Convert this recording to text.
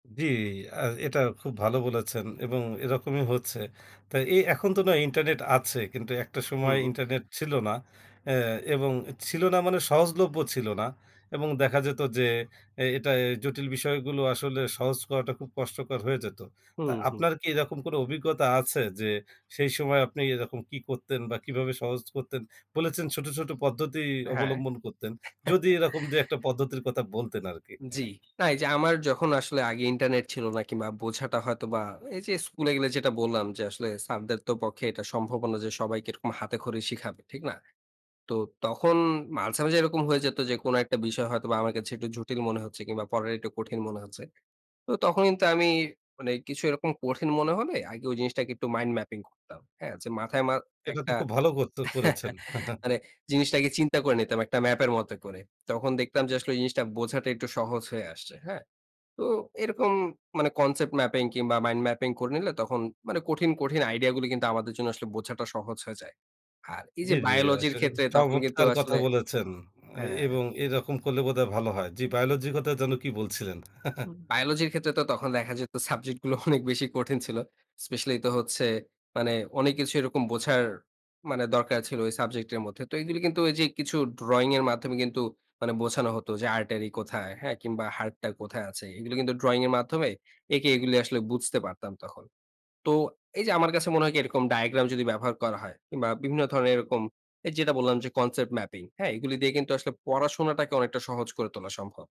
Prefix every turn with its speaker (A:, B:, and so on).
A: জি, অ্যা এটা খুব ভালো বলেছেন, এবং এরকমই হচ্ছে। তো এই এখন তো নয় ইন্টারনেট আছে কিন্তু একটা সময়
B: হুম।
A: ইন্টারনেট ছিল না অ্যা এবং ছিল না মানে সহজলভ্য ছিল না। এবং দেখা যেত যে, এ এটা জটিল বিষয়গুলো আসলে সহজ করাটা খুব কষ্টকর হয়ে যেত। তা
B: হুম, হুম।
A: আপনার কি এরকম কোনো অভিজ্ঞতা আছে? যে, সেই সময় আপনি এরকম কী করতেন বা কীভাবে সহজ করতেন বলেছেন, ছোট, ছোট পদ্ধতি
B: হ্যাঁ।
A: অবলম্বন করতেন। যদি এরকম ২-১ টা যে, একটা পদ্ধতির কথা বলতেন আরকি।
B: জি। না এই যে, আমার যখন আসলে আগে ইন্টারনেট ছিল না কিংবা বোঝাটা হয়তো বা এই যে, স্কুলে গেলে যেটা বললাম, যে, আসলে স্যারদেরতো পক্ষে এটা সম্ভবও না যে, সবাইকে এরকম হাতেখড়ি শিখাবে। ঠিক না? তো তখন মাঝে, মাঝে এরকম হয়ে যেত যে, কোন একটা বিষয় হয়তো বা আমার কাছে একটু জটিল মনে হচ্ছে কিংবা পড়াটা একটু কঠিন মনে হচ্ছে। তো তখন কিন্তু আমি মানে কিছু এরকম কঠিন মনে হলে আগে ওই জিনিসটাকে একটু mind mapping করতাম। হ্যাঁ, যে, মাথায় মা
A: এটা তো
B: একটা
A: খুব ভালো করতো করেছেন।
B: মানে জিনিসটাকে চিন্তা করে নিতাম একটা ম্যাপের মতো করে। তখন দেখতাম যে, আসলে এই জিনিসটা বোঝাটা একটু সহজ হয়ে আসছে। হ্যাঁ? তো এরকম মানে concept mapping কিংবা mind mapping করে নিলে তখন মানে কঠিন, কঠিন আইডিয়া গুলি কিন্তু আমাদের জন্য আসলে বোঝাটা সহজ হয়ে যায়। আর এই
A: জি,
B: যে,
A: জি, আস
B: বায়োলজির ক্ষেত্রে তখন কিন্তু
A: চমৎকার কথা
B: আসলে
A: বলেছেন! অ্যা
B: হ্যাঁ।
A: এবং এরকম করলে বোধহয় ভালো হয়। জি, বায়োলজি কথা যেন কি বলছিলেন?
B: বায়োলজির ক্ষেত্রে তো তখন দেখা যেত সাবজেক্ট গুলো অনেক বেশি কঠিন ছিল। স্পেশালি তো হচ্ছে মানে অনেক কিছু এরকম বোঝার মানে দরকার ছিল ওই সাবজেক্ট এর মধ্যে। তো এইগুলি কিন্তু ওইযে কিছু ড্রয়িং এর মাধ্যমে কিন্তু মানে বোঝানো হতো যে, artery কোথায়? হ্যাঁ, কিংবা হার্টটা কোথায় আছে। এইগুলি কিন্তু ড্রয়িং এর মাধ্যমে এঁকে এইগুলি আসলে বুঝতে পারতাম তখন। তো এই যে, আমার কাছে মনে হয় কি এরকম ডায়াগ্রাম যদি ব্যবহার করা হয় কিনবা বিভিন্ন ধরনের এরকম এই যেটা বললাম যে, concept mapping হ্যাঁ? এইগুলি দিয়ে কিন্তু আসলে পড়াশোনাটাকে অনেকটা সহজ করে তোলা সম্ভব।